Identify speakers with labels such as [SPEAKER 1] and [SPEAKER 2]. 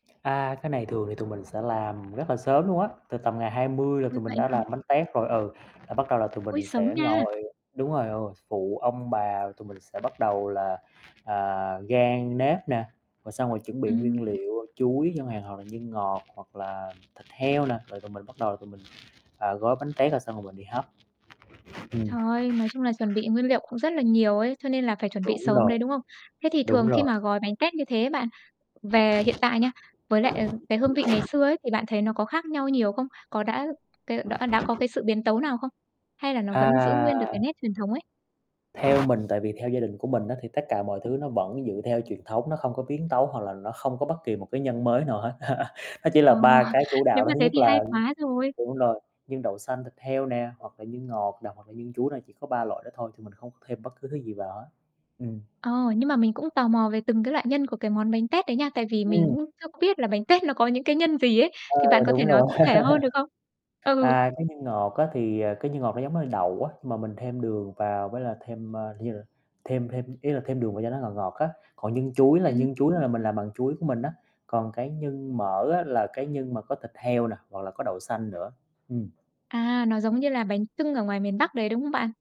[SPEAKER 1] À, cái này thường thì tụi mình sẽ làm rất là sớm luôn á, từ tầm ngày 20 là
[SPEAKER 2] Ôi,
[SPEAKER 1] tụi mình
[SPEAKER 2] vậy
[SPEAKER 1] đã
[SPEAKER 2] á hả?
[SPEAKER 1] làm bánh tét rồi, ừ, là bắt đầu là tụi
[SPEAKER 2] Ôi,
[SPEAKER 1] mình
[SPEAKER 2] sớm
[SPEAKER 1] sẽ
[SPEAKER 2] nha.
[SPEAKER 1] ngồi đúng rồi, ờ, phụ ông bà, tụi mình sẽ bắt đầu là, à, rang nếp nè, rồi xong rồi chuẩn bị
[SPEAKER 2] Ừm.
[SPEAKER 1] nguyên liệu chuối chẳng hạn hoặc là nhân ngọt hoặc là thịt heo nè, rồi tụi mình bắt đầu là tụi mình, ờ, gói bánh tét rồi xong rồi mình đi hấp. Ừm.
[SPEAKER 2] Trời, nói chung là chuẩn bị nguyên liệu cũng rất là nhiều ấy, cho nên là phải chuẩn bị
[SPEAKER 1] Đúng
[SPEAKER 2] sớm đấy,
[SPEAKER 1] rồi.
[SPEAKER 2] đúng không? Thế thì
[SPEAKER 1] Đúng
[SPEAKER 2] thường khi
[SPEAKER 1] rồi.
[SPEAKER 2] mà gói bánh tét như thế bạn, về hiện tại nha, với lại, à, cái hương vị ngày xưa ấy thì bạn thấy nó có khác nhau nhiều không? Có đã cái đọ đã có cái sự biến tấu nào không? Hay là nó vẫn giữ
[SPEAKER 1] À.
[SPEAKER 2] nguyên được cái nét truyền thống ấy?
[SPEAKER 1] Theo mình tại vì theo gia đình của mình á, thì tất cả mọi thứ nó vẫn dựa theo truyền thống, nó không có biến tấu hoặc là nó không có bất kỳ một cái nhân mới nào hết. Nó chỉ
[SPEAKER 2] Ờ,
[SPEAKER 1] là 3 cái chủ
[SPEAKER 2] nếu
[SPEAKER 1] đạo đó.
[SPEAKER 2] mà
[SPEAKER 1] Thứ
[SPEAKER 2] thế
[SPEAKER 1] nhất
[SPEAKER 2] thì hay
[SPEAKER 1] là
[SPEAKER 2] quá rồi.
[SPEAKER 1] đúng rồi, nhân đậu xanh thịt heo nè, hoặc là nhân ngọt nè, hoặc là nhân chuối nè, chỉ có 3 loại đó thôi thì mình không có thêm bất cứ thứ gì vào hết. Ừm.
[SPEAKER 2] Ồ, nhưng mà mình cũng tò mò về từng cái loại nhân của cái món bánh tét đấy nha. Tại vì mình
[SPEAKER 1] Ừm.
[SPEAKER 2] cũng chưa có biết là bánh tét nó có những cái nhân gì ấy,
[SPEAKER 1] Ờ,
[SPEAKER 2] thì bạn có thể
[SPEAKER 1] đúng
[SPEAKER 2] nói
[SPEAKER 1] rồi.
[SPEAKER 2] cụ thể hơn được không? Ừ.
[SPEAKER 1] À, cái nhân ngọt á, thì, à, cái nhân ngọt nó giống như đậu á, nhưng mà mình thêm đường vào với là thêm, ơ, [unintelligible] thêm thêm ý là thêm đường vào cho nó ngọt ngọt á, còn nhân chuối là
[SPEAKER 2] Ừm.
[SPEAKER 1] nhân chuối á là mình làm bằng chuối của mình á, còn cái nhân mỡ á là cái nhân mà có thịt heo nè, hoặc là có đậu xanh nữa, ừm
[SPEAKER 2] À, nó giống như là bánh chưng ở ngoài miền Bắc đấy đúng không bạn?